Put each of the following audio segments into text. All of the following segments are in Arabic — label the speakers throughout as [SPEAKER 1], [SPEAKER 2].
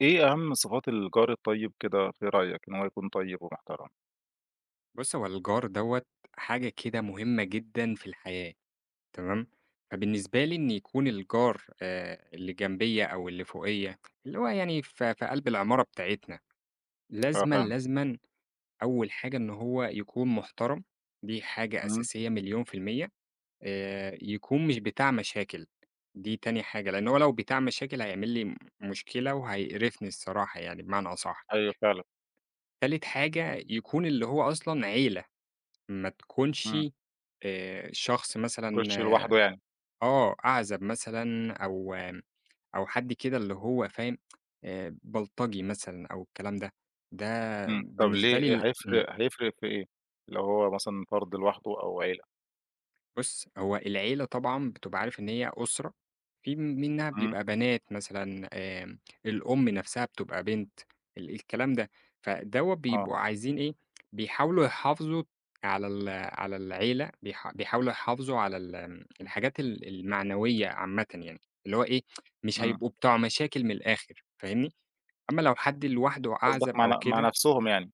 [SPEAKER 1] إيه أهم صفات الجار الطيّب كده في رأيك إن هو يكون طيّب ومحترم؟
[SPEAKER 2] بُص، هو الجار دوّة حاجة كده مهمّة جدًا في الحياة تمام؟ فبالنسبة لي إن يكون الجار آآ اللي جنبيّا أو اللي فوقيّ، اللي هو يعني في في قَلْب العمارة بتاعتنا.
[SPEAKER 1] آه
[SPEAKER 2] لازمًا،
[SPEAKER 1] فاهم.
[SPEAKER 2] لازمًا أول حاجة إن هو يكون محترم، دي حاجة
[SPEAKER 1] إمم.
[SPEAKER 2] أساسية مليون في المِيَّة آآ يكون مش بتاع مشاكل. دي تاني حاجة، لإنّه هو لو بتاع مشاكل، هيعمل لي م مشكلة وهيقرفني الصراحة يعني بمعنى أصح.
[SPEAKER 1] أيوه فعلًا.
[SPEAKER 2] تالت حاجة، يكون اللي هو أصلًا عيلة. ما تكونش
[SPEAKER 1] إمم.
[SPEAKER 2] آآ شخص
[SPEAKER 1] ما
[SPEAKER 2] مثلًا
[SPEAKER 1] يكونش لوحده يعني.
[SPEAKER 2] آه. أعزب مثلًا أو أو حد كده اللي هو فاهم آآ بلطجي مثلًا أو الكلام ده. ده
[SPEAKER 1] إمم. طب
[SPEAKER 2] بالنسبة لي
[SPEAKER 1] ليه
[SPEAKER 2] ال إمم.
[SPEAKER 1] هيفرق هيفرق في إيه، لو هو مثلًا فَرد لوحده أو عيلة؟
[SPEAKER 2] بُص، هو العيلة طبعًا بتبقى عارف إن هي أسرة، في م منّها
[SPEAKER 1] إمم.
[SPEAKER 2] بيبقى بنات مثلًا آمم الأم نفسها بتبقى بنت ال الكلام ده. فدوّة
[SPEAKER 1] آه.
[SPEAKER 2] بيبقوا عايزين إيه، بيحاولوا يحافظوا على ال على العيلة. بيـح بيحاولوا يحافظوا على ال
[SPEAKER 1] إمم.
[SPEAKER 2] الحاجات ال المعنويّة عامةً يعني. اللي هو إيه، مش
[SPEAKER 1] إمم.
[SPEAKER 2] هيبقوا بتوع مشاكل من الآخر فاهمني؟ أمّا لو حد لوحده
[SPEAKER 1] قصدك
[SPEAKER 2] أعزب
[SPEAKER 1] مع ن
[SPEAKER 2] أو
[SPEAKER 1] مع
[SPEAKER 2] كده
[SPEAKER 1] نفسهم يعني.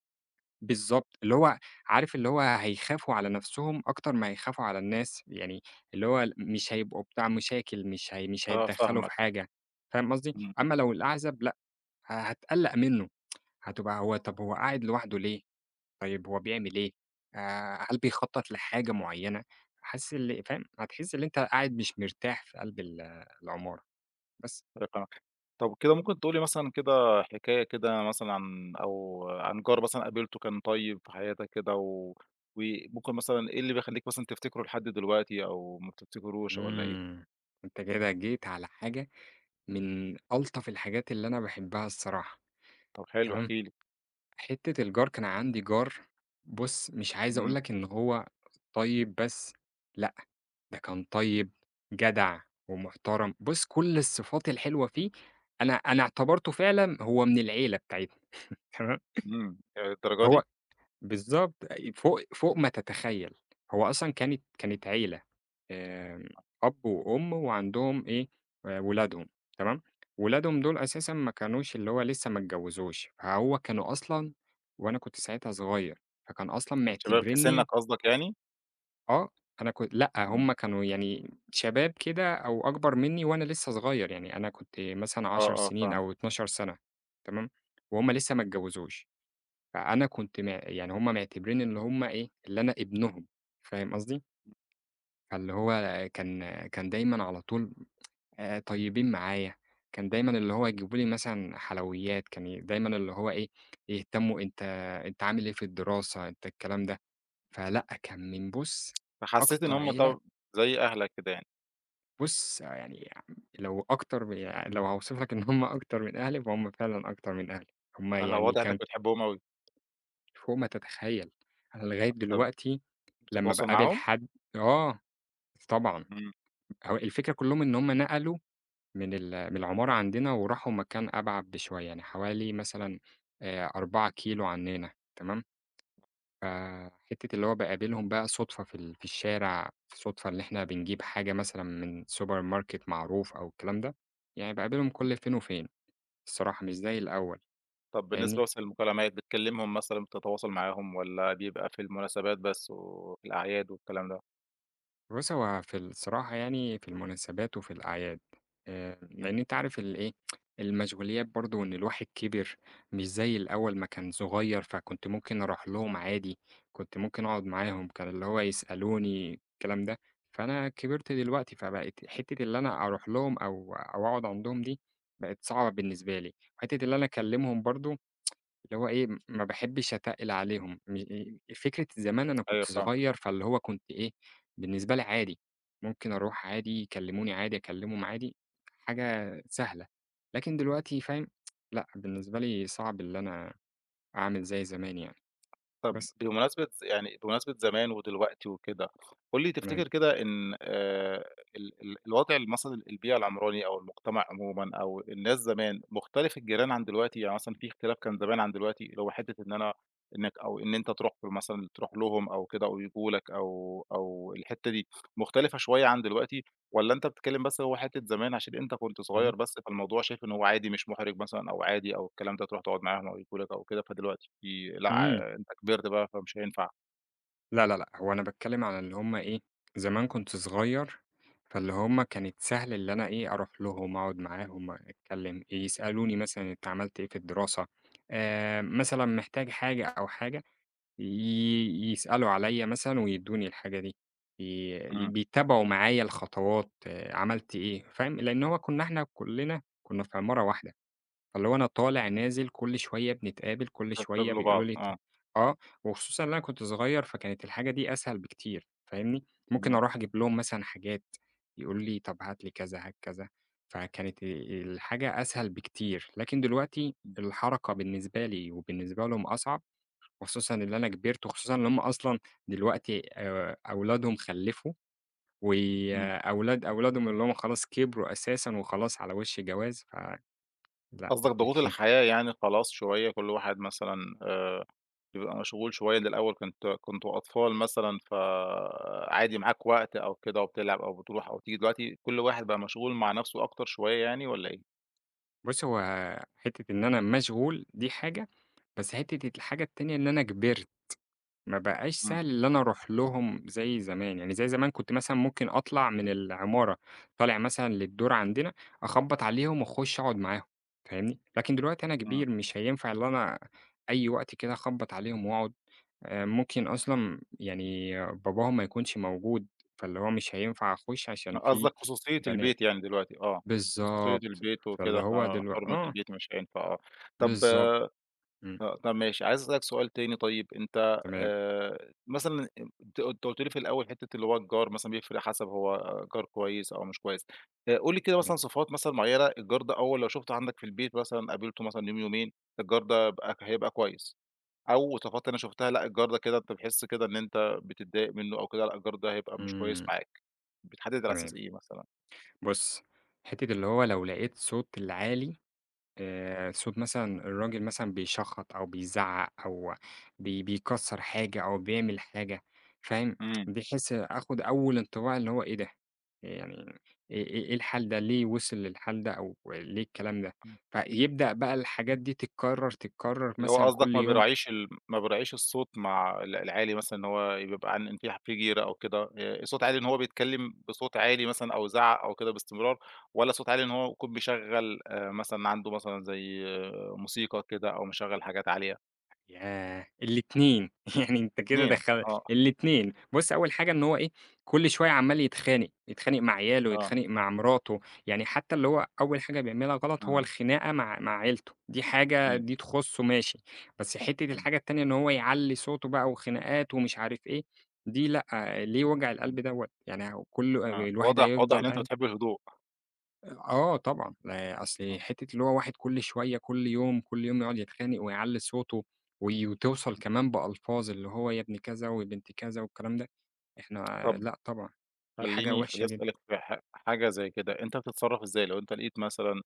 [SPEAKER 2] بالضبط، اللي هو عارف اللي هو هيخافوا على نفسهُم أكتر ما هيخافوا على الناس يعني اللي هو ال م مش هيبقوا بتوع مشاكل، مش هي مش
[SPEAKER 1] آه،
[SPEAKER 2] هيتدخلوا في
[SPEAKER 1] فاهمك، أ
[SPEAKER 2] حاجة، فاهم قصدي،
[SPEAKER 1] اهم.
[SPEAKER 2] أمّا لو الأعزب، لأ، ه هتقلّق منه هتبقى هو طَب هو قاعد لوحدُه ليه؟ طيب هو بيعمل إيه؟ آآ هل بيخطط لحاجة مُعيّنة؟ حاسس اللي فاهم، هتحِس اللي أنت قاعد مش مرتاح في قلب ال العُمارة، بس.
[SPEAKER 1] [unintelligible] طَب كده ممكن تقول لي مثلًا كده حكاية كده مثلًا عن أو عن جار مثلًا قابلته كان طيّب في حياتك كده و وممكن مثلًا إيه اللي بيخلّيك مثلًا تفتكره لحد دلوقتي أو ما بتفتكروش والّا إيه؟
[SPEAKER 2] إمم، أنت كده جيت على حاجة من ألطف الحاجات اللي أنا باحبها الصراحة،
[SPEAKER 1] طَب حلو احكِ
[SPEAKER 2] تمام؟
[SPEAKER 1] لي.
[SPEAKER 2] حتة الجار، كان عندي جار بُص مش عايز أقول
[SPEAKER 1] إمم.
[SPEAKER 2] لك إن هو طيب بس، لأ، ده كان طيب، جدع، ومُحترم، بُص كل الصفات الحلوة فيه، أنا أنا إعتبرته فعلًا هو من العيلة بتاعتنا، تمام.
[SPEAKER 1] إمم، هي للدرجة
[SPEAKER 2] هو
[SPEAKER 1] دي؟
[SPEAKER 2] بالضبط، أي فوق فوق ما تتخيل، هو أصلًا كانت كانت عيلة، آمم، أب وأم وعندهم إيه آآ ولادهم، تمام، ولادهم دول أساسًا ما كانوش اللي هو لسه ما اتجوزوش، فهو كانوا أصلًا وأنا كنت ساعتها صغير فكان أصلًا
[SPEAKER 1] كان شباب في سنّك
[SPEAKER 2] معتبرِينّي
[SPEAKER 1] قصدك يعني؟
[SPEAKER 2] آه. أنا كن لأ.
[SPEAKER 1] إمم.
[SPEAKER 2] هم كانوا يعني شباب كده أو أكبر منّي وأنا لسّه صغير. يعني أنا كنت مثلًا
[SPEAKER 1] آه،
[SPEAKER 2] 10
[SPEAKER 1] آه،
[SPEAKER 2] سنين
[SPEAKER 1] فاهم.
[SPEAKER 2] أو 12 سنة تمام؟ وهم لسّه ما اتجوِّزوش. فأنا كنت م يعني هم معتبرين إن هم إيه، اللي أنا ابنهم. فاهم قصدي؟ فاللي هو كان كان دايمًا على طول أ طيبين معايا. كان دايمًا اللي هو يجيبوا لي مثلًا حلويات، كان دايمًا اللي هو إيه، يهتمّوا، أنت أنت عامل إيه في الدراسة؟ أنت الكلام ده. فلأ، كان من بُص
[SPEAKER 1] فحسّيت إن
[SPEAKER 2] أكتر
[SPEAKER 1] هم
[SPEAKER 2] عيلة
[SPEAKER 1] طب زي أهلك كده يعني.
[SPEAKER 2] بُص، يعني آمم لو أكترمن يع لو هاوصف لك إن هم أكتر من أهلي، فهم فعلًا أكتر من أهلي. هم
[SPEAKER 1] أها
[SPEAKER 2] يعني
[SPEAKER 1] واضح إنّك
[SPEAKER 2] كان
[SPEAKER 1] بتحبهم أوي.
[SPEAKER 2] فوق ما تتخيّل. أنا لغاية
[SPEAKER 1] أوى.
[SPEAKER 2] دلوقتي لمّا
[SPEAKER 1] بتتواصل
[SPEAKER 2] باقابل
[SPEAKER 1] معاهم؟
[SPEAKER 2] حد آه. طبعًا.
[SPEAKER 1] إمم.
[SPEAKER 2] هو الفكرة كُلّهم إن هم نقلوا من ال من العمارة عندنا، وراحوا مكان أبعد بشوية يعني حوالي مثلًا أ 4 كيلو عنّنا تمام؟ فَحتّة اللي هو باقابلهم بقى صُدفة في ال في الشارع، في صُدفة اللي إحنا بنجيب حاجة مثلًا من سوبر ماركت معروف أو الكلام ده، يعني باقابلهم كل فين وفين الصراحة مش زي الأول
[SPEAKER 1] طب بالنسبة
[SPEAKER 2] فاهمني؟
[SPEAKER 1] مثلًا للمكالمات، بتكلّمهم مثلًا بتتواصل معاهم، والّا بيبقى في المناسبات بس و وفي الأعياد والكلام ده؟
[SPEAKER 2] بُصّ، هو في الصراحة يعني، في المناسبات وفي الأعياد، آآ لإن
[SPEAKER 1] إمم.
[SPEAKER 2] أنت عارف الإيه المشغوليات برضه، وإن الواحد كِبِر مش زي الأول ما كان صغير، فكنت ممكن أروح لهم عادي، كنت ممكن أقعد معاهم، كان اللي هو يسألوني الكلام ده، فأنا كبرت دلوقتي، فبقيت حتِّة اللي أنا أروح لهم أو أو أقعد عندهم دي، بقِت صعبة بالنسبة لي، حتِّة اللي أنا أكلِّمهم برضه، اللي هو إيه ما باحبِّش أتقِّل عليهم، م إيه فكرة زمان أنا كنت
[SPEAKER 1] أيوه، فاهمك.
[SPEAKER 2] صغير فاللي هو كنت إيه، بالنسبة لي عادي، ممكن أروح عادي، يكلِّموني عادي، أكلِّمهم عادي، حاجة سهلة لكن دلوقتي فاهم لأ، بالنسبة لي صعب إن أنا أعمل زي زمان يعني،
[SPEAKER 1] طب
[SPEAKER 2] بس.
[SPEAKER 1] بمناسبة يعني بمناسبة زمان ودلوقتي وكده، قُل لي
[SPEAKER 2] تمام.
[SPEAKER 1] تفتكر كده إن آآ، ال ال الوضع مثلًا البيئة العمراني، أو المُجتمع عمومًا أو الناس زمان، مختلف الجيران عن دلوقتي، يعني مثلًا في اختلاف كان زمان عن دلوقتي، اللي هو حتِّة إن أنا إنك أو إن أنت تروح له مثلًا تروح لهم، أو كده أو ييجوا لك، أو أو الحتِّة دي مختلفة شوية عن دلوقتي، والَّا أنت بتتكلِّم بس هو حتِّة زمان عشان أنت كنت
[SPEAKER 2] اهم.
[SPEAKER 1] صغير بس فالموضوع شايف إن هو عادي مش مُحرِج مثلًا، أو عادي أو الكلام ده تروح تقعد معاهم أو ييجوا لك أو كده، فدلوقتي في لأ
[SPEAKER 2] امم.
[SPEAKER 1] عا أنت كبرت بقى، فمش هينفع؟
[SPEAKER 2] لا، لا، لأ هو أنا باتكلِّم على اللي هم إيه، زمان كنت صغير، فاللي هم كانت سهل اللي أنا إيه أروح لهم، أقعد معاهم أتكلم، يسألوني مثلًا أنت عملت إيه في الدراسة، آآ، مثلًا محتاج حاجة أو حاجة، ي يسألوا عليّا مثلًا ويدّوني الحاجة دي، ي
[SPEAKER 1] إمم.
[SPEAKER 2] بيتابعوا معايا الخطوات، عملت إيه فاهم؟ لأن هو كنا إحنا كلنا كنا في عمارة واحدة، فاللي هو أنا طالع نازل كل شوية بنتقابل، كل شوية
[SPEAKER 1] فبتقابلوا
[SPEAKER 2] بيقولوا
[SPEAKER 1] بعض،
[SPEAKER 2] لي ت
[SPEAKER 1] آه.
[SPEAKER 2] آه، وخصوصًا إن أنا كنت صغير فكانت الحاجة دي أسهل بكتير فاهمني، ممكن
[SPEAKER 1] امم.
[SPEAKER 2] أروح أجيب لهم مثلًا حاجات يقولوا لي طب هات لي كذا هات كذا، فكانت آآ الحاجة أسهل بكتير، لكن دلوقتي
[SPEAKER 1] إمم.
[SPEAKER 2] الحركة بالنسبة لي وبالنسبة لهم أصعب، خصوصًا إن أنا كِبِرت، وخصوصًا إن هم أصلًا دلوقتي آآ، أولادهم خلِّفوا،
[SPEAKER 1] إمم.
[SPEAKER 2] وأولاد أولادهم اللي هم خلاص كبروا أساسًا وخلاص على وش جواز، فلأ
[SPEAKER 1] قصدك
[SPEAKER 2] الدنيا
[SPEAKER 1] ضغوط الحياة يعني خلاص شوية، كل واحد مثلًا آآ بيبقى مشغول شوية، اللي الأول كنت كنتم أطفال مثلًا فعادي معاك وقت أو كده، وبتلعب أو بتروح أو تيجي، دلوقتي كل واحد بقى مشغول مع نفسه أكتر شوية يعني، والَّا إيه؟
[SPEAKER 2] بُص، هو حِتة إن أنا مشغول دي حاجة، بس حتة الحاجة التانية إن أنا كبِرت، ما بقاش
[SPEAKER 1] إمم.
[SPEAKER 2] سَهل اللي أنا أروح لهم زي زمان، يعني زي زمان كنت مثلًا ممكن أطلَع من العمارة، طالع مثلًا للدور عندنا، أخبّط عليهم واخُش أقعد معاهم فاهمني؟ لكن دلوقتي أنا
[SPEAKER 1] إمم.
[SPEAKER 2] كبير مش هينفع اللي أنا أي وقت كده أخبّط عليهم وأقعد، آآ ممكن أصلًا يعني باباهم ما يكونش موجود فاللي هو مش هينفع أخش عشان في
[SPEAKER 1] قصدَك خصوصية
[SPEAKER 2] بنات
[SPEAKER 1] البيت يعني دلوقتي آه، خصوصية
[SPEAKER 2] بالضبط،
[SPEAKER 1] البيت
[SPEAKER 2] فاللي
[SPEAKER 1] وكده
[SPEAKER 2] هو دلو
[SPEAKER 1] فحُرمِة
[SPEAKER 2] آه.
[SPEAKER 1] البيت، فمش هينفع آه. طَب آآ،
[SPEAKER 2] بالضبط، إمم.
[SPEAKER 1] طَب ماشي، عايز أسأل لك سؤال تاني طيب، أنت
[SPEAKER 2] تمام.
[SPEAKER 1] آآ، مثلًا أنت أنت قُلت لي في الأول حتة اللي هو الجار مثلًا بيفرق حَسَب هو جار كويّس أو مش كويّس آآ، قُل لي كده مثلًا
[SPEAKER 2] [unintelligible]
[SPEAKER 1] صِفات مثلًا مُعيّنة الجار ده أول لو شُفتُه عندك في البيت مثلًا قابلته مثلًا يوم، يومين، الجار ده هب هيبقى كويّس، أو صفات أنا شُفتَها لأ، الجار ده كده أنت بتحِس كده إن إنت بتتضايق مِنّه أو كده لأ، الجار ده هيبقى مش كويس
[SPEAKER 2] امم.
[SPEAKER 1] معاك. بتحدد على أساس
[SPEAKER 2] تمام.
[SPEAKER 1] إيه مثلًا؟
[SPEAKER 2] بُص، حتة اللي هو لو لَقيت صوت العالي آآ، صوت مثلًا الراجل مثلًا بيشَخّط أو بيزَعَّق، أو بي بيكسَّر حاجة أو بيعمل حاجة، فاهم،
[SPEAKER 1] امم.
[SPEAKER 2] بحيث آخد أول انطباع اللي هو إيه ده، ي يعني إيه إيه إيه الحال ده؟ ليه وصل للحال ده؟ أو ليه الكلام ده؟
[SPEAKER 1] امم.
[SPEAKER 2] فيبدأ بقى الحاجات دي تتكرر تتكرر
[SPEAKER 1] اللي هو
[SPEAKER 2] مثلًا
[SPEAKER 1] قصدك
[SPEAKER 2] كل
[SPEAKER 1] ما
[SPEAKER 2] يوم.
[SPEAKER 1] بيراعِيش الم ما بيراعِيش الصوت مع ال العالي مثلًا إن هو يبقى عن في في جيرَه أو كده آآ، الصوت عالي إن هو بيتكلم بصوت عالي مثلًا أو يزعَّق أو كده بإستمرار، والّا صوت عالي إن هو يكون بيشغل آآ، مثلًا عنده مثلًا زي موسيقى كده أو مِشَغَّل حاجات عالية؟
[SPEAKER 2] ياه! الاتنين يعني أنت كده
[SPEAKER 1] الاتنين
[SPEAKER 2] دخل
[SPEAKER 1] آه.
[SPEAKER 2] الاتنين بُصّ أوّل حاجة إن هو إيه كل شويّة عمّال يتخانق، يتخانق مع عياله،
[SPEAKER 1] آه.
[SPEAKER 2] يتخانق مع مراته، يعني حتّى اللي هو أوّل حاجة بيعملها غلط هو
[SPEAKER 1] إمم.
[SPEAKER 2] الخناقة مع مع عيلته، دي حاجة
[SPEAKER 1] إمم.
[SPEAKER 2] دي تخصه ماشي. بس حتّة
[SPEAKER 1] إمم.
[SPEAKER 2] الحاجة التانية إن هو يعلّي صوته بقى وخناقات ومش عارف إيه، دي لأ، ليه وجع
[SPEAKER 1] إمم.
[SPEAKER 2] القلب دوّة يعني هو كلّه ال
[SPEAKER 1] آه،
[SPEAKER 2] الواحد
[SPEAKER 1] واضح واضح
[SPEAKER 2] هيفضل
[SPEAKER 1] إن أنت
[SPEAKER 2] قاعد
[SPEAKER 1] بتحب الهدوء.
[SPEAKER 2] آه طبعًا، آآ أصل
[SPEAKER 1] آه.
[SPEAKER 2] حتّة اللي هو واحد كل شويّة، كل يوم، كل يوم يقعد يتخانق، ويعلّي صوته، وي وتوصل كمان بألفاظ اللي هو يا ابن كذا، ويا بنت كذا، والكلام ده، إحنا
[SPEAKER 1] طب
[SPEAKER 2] لأ طبعًا دي حاجة
[SPEAKER 1] خلّيني
[SPEAKER 2] وحشة
[SPEAKER 1] خليني
[SPEAKER 2] جدًا.
[SPEAKER 1] أسألك في ح حاجة زي كده أنت بتتصرف إزاي لو أنت لقيت مثلًا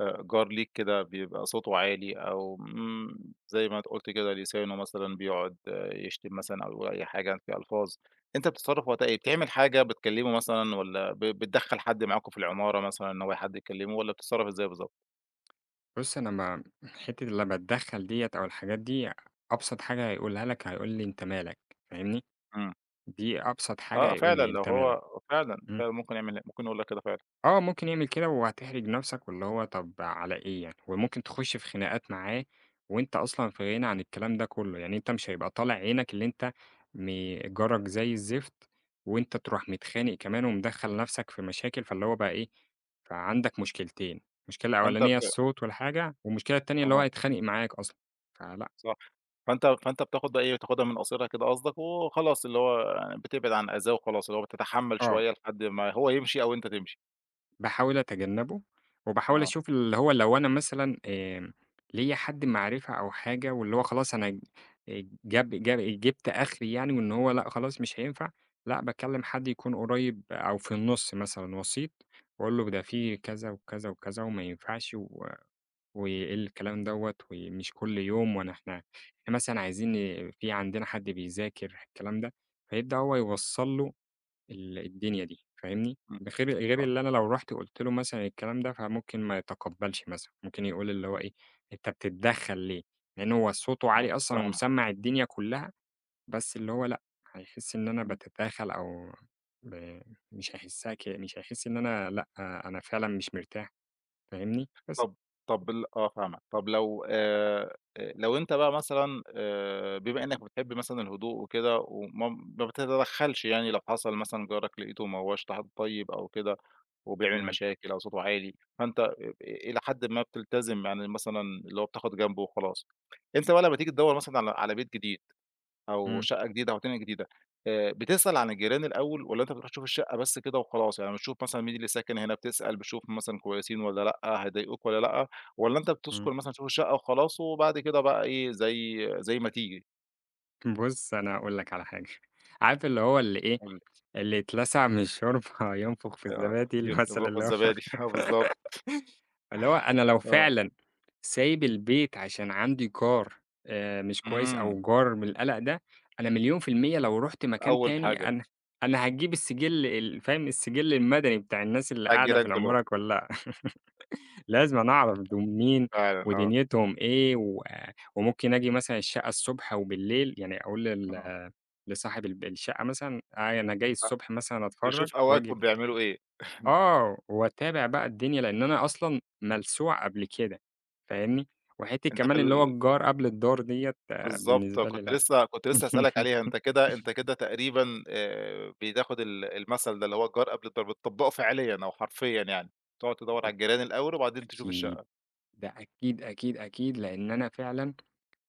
[SPEAKER 1] آآ جار ليك كده بيبقى صوته عالي، أو آمم، زي ما قلت كده لسانه مثلًا بيقعد يشتم مثلًا أو أي حاجة في ألفاظ، أنت بتتصرف وقتها إيه؟ بتعمل حاجة، بتكلمه مثلًا، والّا ب بتدخل حد معاكم في العمارة مثلًا إن هو حد يكلمه، والّا بتتصرف إزاي بالضبط؟
[SPEAKER 2] بُص أنا ما حتّة لمّا أتدخل ديّة، أو الحاجات دي، أبسط حاجة هيقولها لك، هيقول لي أنت مالك فاهمني؟
[SPEAKER 1] إمم.
[SPEAKER 2] دي أبسط حاجة
[SPEAKER 1] آه
[SPEAKER 2] هيقول
[SPEAKER 1] فعلًا،
[SPEAKER 2] لي
[SPEAKER 1] لو
[SPEAKER 2] أنت مالك.
[SPEAKER 1] هو فعلًا،
[SPEAKER 2] إمم.
[SPEAKER 1] فعلًا ممكن يعمل ممكن يقول لك كده فعلًا.
[SPEAKER 2] آه، ممكن يعمل كده وهتحرج نفسك، واللي هو طب على إيه يعني، وممكن تخش في خناقات معاه، وأنت أصلًا في غِنى عن الكلام ده كلّه، يعني أنت مش هيبقى طالع عينك اللي أنت م جارك زي الزفت، وأنت تروح متخانق كمان، ومدخل نفسك في مشاكل، فاللي هو بقى إيه، فعندك مشكلتين، مشكلة
[SPEAKER 1] فأنت
[SPEAKER 2] أولانية
[SPEAKER 1] بت
[SPEAKER 2] الصوت والحاجة، والمشكلة التانية اللي هو
[SPEAKER 1] آه.
[SPEAKER 2] هيتخانق معاك أصلًا. فلأ.
[SPEAKER 1] صح، فأنت فأنت بتاخد بقى إيه بتاخدها من قاصرها كده قصدك، وخلاص اللي هو بتبعد عن أذاه وخلاص، اللي هو بتتحمل
[SPEAKER 2] آه.
[SPEAKER 1] شويّة لحد ما هو يمشي، أو أنت تمشي.
[SPEAKER 2] باحاول أتجنبه، وباحاول
[SPEAKER 1] آه.
[SPEAKER 2] أشوف اللي هو لو أنا مثلًا آمم، ليَّ حد معرفة أو حاجة واللي هو خلاص أنا جاب جاب جبت أخري يعني وإن هو لأ خلاص مش هينفع، لأ، باكلم حد يكون قريب أو في النُص مثلًا، وسيط وأقول له ده في كذا وكذا وكذا وما ينفعش و وإيه الكلام دَوَّة، ومش كل يوم، وأنا إحنا مثلًا عايزين في عندنا حد بيذاكر، ح الكلام ده، فيبدأ هو يوصّل له ال الدنيا دي، فاهمني؟
[SPEAKER 1] امم،
[SPEAKER 2] ده خير غير
[SPEAKER 1] آه.
[SPEAKER 2] اللي أنا لو رُحت قُلت له مثلًا الكلام ده فممكن ما يتقبلش مثلًا، ممكن يقول اللي هو
[SPEAKER 1] امم.
[SPEAKER 2] إيه، أنت بتتدخل ليه؟ لأن هو صوته
[SPEAKER 1] آه،
[SPEAKER 2] عالي أصلًا
[SPEAKER 1] فاهمك.
[SPEAKER 2] ومسمّع الدنيا كلها، بس اللي هو لأ، هيحس إن أنا
[SPEAKER 1] إمم.
[SPEAKER 2] باتداخل أو ب مش هيحسها كده، مش هيحس إن أنا لأ، أنا فعلًا مش مرتاح، فاهمني؟ بس.
[SPEAKER 1] طب طب ال آه فاهمك، طب لو آآ لو أنت بقى مثلًا آآ بما إنك بتحب مثلًا الهدوء وكده وما ما بتتدخلش يعني لو حصل مثلًا جارك لقيته ما هوّاش ط حد طيب أو كده وبيعمل
[SPEAKER 2] تمام.
[SPEAKER 1] مشاكل أو صوته عالي، فأنت إ إ إلى حدٍ ما بتلتزِم، يعني مثلًا اللي هو بتاخد جنب وخلاص. أنت بقى لمّا تيجي تدوَّر مثلًا على على بيت جديد أو
[SPEAKER 2] إمم.
[SPEAKER 1] شقة جديدة أو [unintelligible] جديدة، آآ بتسأل عن الجيران الأول والّا أنت بتروح تشوف الشقة بس كده وخلاص؟ يعني بتشوف مثلًا مين اللي ساكن هنا، بتسأل بتشوف مثلًا كويسين والّا لأ، هيضايقوك والّا لأ، والّا أنت
[SPEAKER 2] إمم.
[SPEAKER 1] بتسكن مثلًا تشوف الشقة وخلاص وبعد كده بقى إيه زي زي ما تيجي؟
[SPEAKER 2] بُصّ، أنا هاقول لك على حاجة عارف اللي هو اللي إيه
[SPEAKER 1] قُل لي.
[SPEAKER 2] اللي يتلسع من الشوربة ينفخ في
[SPEAKER 1] آه، [unintelligible]
[SPEAKER 2] الزبادي المثل
[SPEAKER 1] ينفُخ في
[SPEAKER 2] اللي هو
[SPEAKER 1] الزبادي، آه، بالضبط.
[SPEAKER 2] اللي هو أنا لو
[SPEAKER 1] آه.
[SPEAKER 2] فعلًا سايب البيت عشان عندي جار آآ، مش كويس
[SPEAKER 1] إمم.
[SPEAKER 2] أو جار من القلق ده أنا مليون في المِيَّة لو رُحت مكان
[SPEAKER 1] أول
[SPEAKER 2] تاني
[SPEAKER 1] حاجة.
[SPEAKER 2] أنا أنا هاجيب السجِّل ال فاهم السجِّل المدني بتاع الناس اللي
[SPEAKER 1] بتاع
[SPEAKER 2] قاعدة في
[SPEAKER 1] الجيران كلهم.
[SPEAKER 2] العمارة كلها، لازمًا أعرف دول مين
[SPEAKER 1] فعلًا، آه.
[SPEAKER 2] ودنيتهم إيه، وآآ وممكن آجي مثلًا الشقة الصبح وبالليل، يعني أقول
[SPEAKER 1] آه.
[SPEAKER 2] لل لصاحب الب الشقة مثلًا، أنا جاي
[SPEAKER 1] فعلًا،
[SPEAKER 2] الصبح مثلًا أتفرَّج
[SPEAKER 1] تشوف
[SPEAKER 2] وآجي
[SPEAKER 1] أوقاتهم
[SPEAKER 2] ب
[SPEAKER 1] بيعملوا إيه.
[SPEAKER 2] آه، وأتابع بقى الدنيا، لأن أنا أصلًا ملسوع قبل كده فاهمني؟ وحتِّة
[SPEAKER 1] أنت في
[SPEAKER 2] كمان اللي هو
[SPEAKER 1] ال
[SPEAKER 2] الجار قبل الدّار ديَّة،
[SPEAKER 1] بالضبط،
[SPEAKER 2] بالنسبة لي
[SPEAKER 1] كنت
[SPEAKER 2] لأ.
[SPEAKER 1] لسه كنت لسه هأسألك عليها، أنت كده أنت كده تقريبًا آآ، بتاخد ال المثل ده اللي هو الجار قبل الدّار، بتطّبقُه فعليًا، أو حرفيًا يعني، تقعد تدوَّر على الجيران الأول، وبعدين تشوف
[SPEAKER 2] أكيد،
[SPEAKER 1] الشقة.
[SPEAKER 2] ده أكيد، أكيد، أكيد لأن أنا فعلًا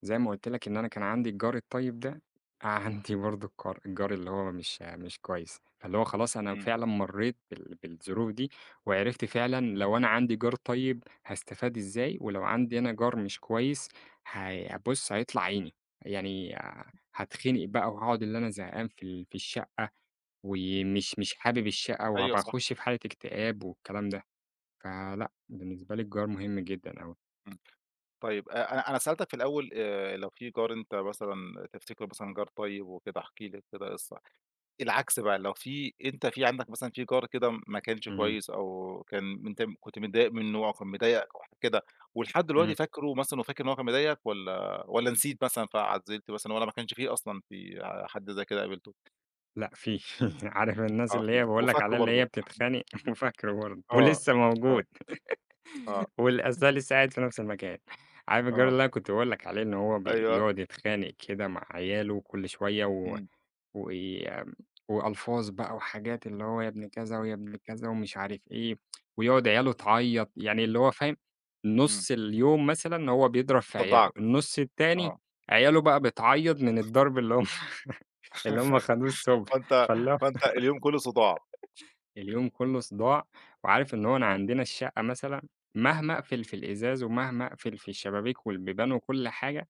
[SPEAKER 2] زي ما قلت لك إن أنا كان عندي الجار الطيب ده، عندي برضه الكار الجار اللي هو مش مش كويس، فاللي هو خلاص أنا
[SPEAKER 1] إمم.
[SPEAKER 2] فعلًا مرّيت بال بالظروف دي، وعرفت فعلًا لو أنا عندي جار طيب، هاستفاد إزاي، ولو عندي أنا جار مش كويس هي بُصّ، هيطلع عيني يعني آآ، هاتخنق بقى وهاقعد اللي أنا زهقان في ال في الشقة، و
[SPEAKER 1] إمم.
[SPEAKER 2] مش مش حابب الشقة
[SPEAKER 1] أيوه،
[SPEAKER 2] وهابقى
[SPEAKER 1] صح.
[SPEAKER 2] أخُشّ في حالة اكتئاب والكلام ده، فلأ بالنسبة لي الجار مهم جدًا أوي.
[SPEAKER 1] إمم، طيب، أ أنا أنا سألتك في الأول آآ، لو في جار أنت مثلًا تفتكرُه مثلًا جار طيب وكده احكِ لي أنت بقى قصّة، العكس بقى لو في أنت في عندك مثلًا في جار كده م ماكانش
[SPEAKER 2] إمم.
[SPEAKER 1] كويس أو كان م أنت كنت متضايق منه، كان مضايقك أو حاجة كده، ولحد دلوقتي
[SPEAKER 2] إمم.
[SPEAKER 1] فاكرُه مثلًا، وفاكر إن هو كان مضايقك، والَّا، والَّا نسيت مثلًا فعزِّلت مثلًا، والَّا ما كانش فيه أصلًا في حد زي كده قابلتُه؟
[SPEAKER 2] لأ في، عارف الناس
[SPEAKER 1] آه،
[SPEAKER 2] اللي هي
[SPEAKER 1] في.
[SPEAKER 2] باقول لك
[SPEAKER 1] وفاكرُه
[SPEAKER 2] عليها اللي هي
[SPEAKER 1] برضه.
[SPEAKER 2] بتتخانق، وفاكرُه برضه،
[SPEAKER 1] آه،
[SPEAKER 2] ولسَّه
[SPEAKER 1] آه.
[SPEAKER 2] موجود
[SPEAKER 1] آه.
[SPEAKER 2] واللي آذاه لسه قاعد في نفس المكان، عارف الجار
[SPEAKER 1] آه.
[SPEAKER 2] اللي أنا كنت باقول لك عليه إن هو
[SPEAKER 1] أيوه.
[SPEAKER 2] بيقعد يتخانق كده مع عيالُه كل شوية، و
[SPEAKER 1] إمم.
[SPEAKER 2] وي وألفاظ بقى، وحاجات اللي هو يا ابن كذا ويا ابن كذا، ومش عارف إيه ويقعد عيالُه تعيّط، يعني اللي هو، فاهم،
[SPEAKER 1] إمم.
[SPEAKER 2] نُصّ اليوم مثلًا هو بيضرب في عيالُه،
[SPEAKER 1] مصدَّعك،
[SPEAKER 2] النص التاني
[SPEAKER 1] آه.
[SPEAKER 2] عيالُه بقى بتعيّط من الضرب اللي هم اللي هم خدوه الصبح
[SPEAKER 1] فأنت
[SPEAKER 2] فال
[SPEAKER 1] فأنت اليوم كله صداع.
[SPEAKER 2] اليوم كلُّه صداع، وعارف إن هو إن
[SPEAKER 1] امم.
[SPEAKER 2] عندنا الشقة مثلًا مهما أقفل في الإزاز ومهما أقفل في الشبابيك والبيبان وكل حاجة،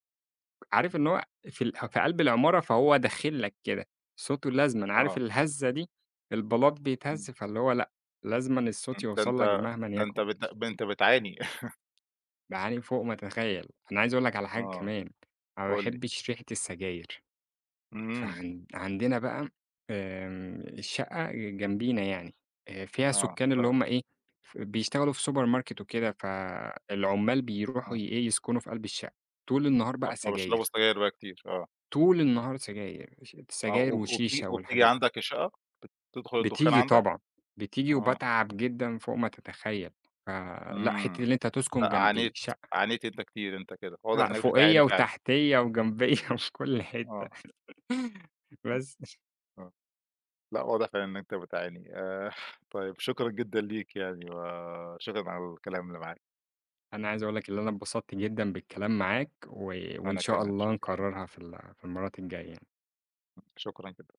[SPEAKER 2] عارف
[SPEAKER 1] إمم.
[SPEAKER 2] إن هو في اله في قلب العمارة فهو داخل لك كده، صوته لازمًا عارف
[SPEAKER 1] آه.
[SPEAKER 2] الهزّة دي، البلاط
[SPEAKER 1] إمم.
[SPEAKER 2] بيتهزّ فاللي هو لأ، لازمًا الصوت
[SPEAKER 1] امم، ده
[SPEAKER 2] يوصل
[SPEAKER 1] أنت
[SPEAKER 2] لك مهمًا
[SPEAKER 1] ده أنت
[SPEAKER 2] يكُن.
[SPEAKER 1] بت أنت بتعاني.
[SPEAKER 2] باعاني فوق ما تتخيّل، أنا عايز اقول لك على حاجة
[SPEAKER 1] آه،
[SPEAKER 2] كمان، أنا ما
[SPEAKER 1] قُل لي.
[SPEAKER 2] باحبش ريحة السجاير،
[SPEAKER 1] إمم.
[SPEAKER 2] فعن عندنا بقى آآ، الشقة ج جنبينا يعني، أ فيها
[SPEAKER 1] آه،
[SPEAKER 2] سُكّان اللي
[SPEAKER 1] آه.
[SPEAKER 2] هم إيه، بيشتغلوا في سوبر ماركت وكده، فالعُمَّال بيروحوا
[SPEAKER 1] آه.
[SPEAKER 2] ي إيه، يسكُنوا في قلب الشقة، طول النهار
[SPEAKER 1] آه،
[SPEAKER 2] بقى
[SPEAKER 1] فبيشربوا
[SPEAKER 2] سجاير.
[SPEAKER 1] سجاير بقى كتير، آه.
[SPEAKER 2] طول النهار سجاير، ش
[SPEAKER 1] آه،
[SPEAKER 2] سجاير
[SPEAKER 1] وب وب وبت
[SPEAKER 2] وشيشة
[SPEAKER 1] وبتيجي
[SPEAKER 2] والحاجات دي.
[SPEAKER 1] عندك الشقة؟ بت تدخل الدخان
[SPEAKER 2] بتيجي
[SPEAKER 1] عندك؟
[SPEAKER 2] طبعًا، بتيجي
[SPEAKER 1] آه.
[SPEAKER 2] وباتعب جدًا فوق ما تتخيّل، فلأ، حتِّة
[SPEAKER 1] إمم،
[SPEAKER 2] اللي أنت تسكُن
[SPEAKER 1] ع
[SPEAKER 2] جنب
[SPEAKER 1] عانيت،
[SPEAKER 2] شقة
[SPEAKER 1] عانيت أنت كتير أنت كده. واضح
[SPEAKER 2] لأ،
[SPEAKER 1] إنك بتعاني
[SPEAKER 2] فوقيّا
[SPEAKER 1] فعلًا.
[SPEAKER 2] وتحتيّا وجنبيّا وفي كل حتَّة
[SPEAKER 1] آه.
[SPEAKER 2] بس.
[SPEAKER 1] آه، لأ واضح فعلًا إن أنت بتعاني آآ، طيب شكرًا جدًا ليك، يعني وشكرًا على الكلام اللي معاك.
[SPEAKER 2] أنا عايز اقول لك اللي أنا انبسطت جدًا بالكلام معاك، و وإن
[SPEAKER 1] أنا
[SPEAKER 2] شاء
[SPEAKER 1] كمان،
[SPEAKER 2] الله
[SPEAKER 1] شكرًا.
[SPEAKER 2] نكرّرها في ال في المرّات الجاية يعني.
[SPEAKER 1] م شكرًا جدًا.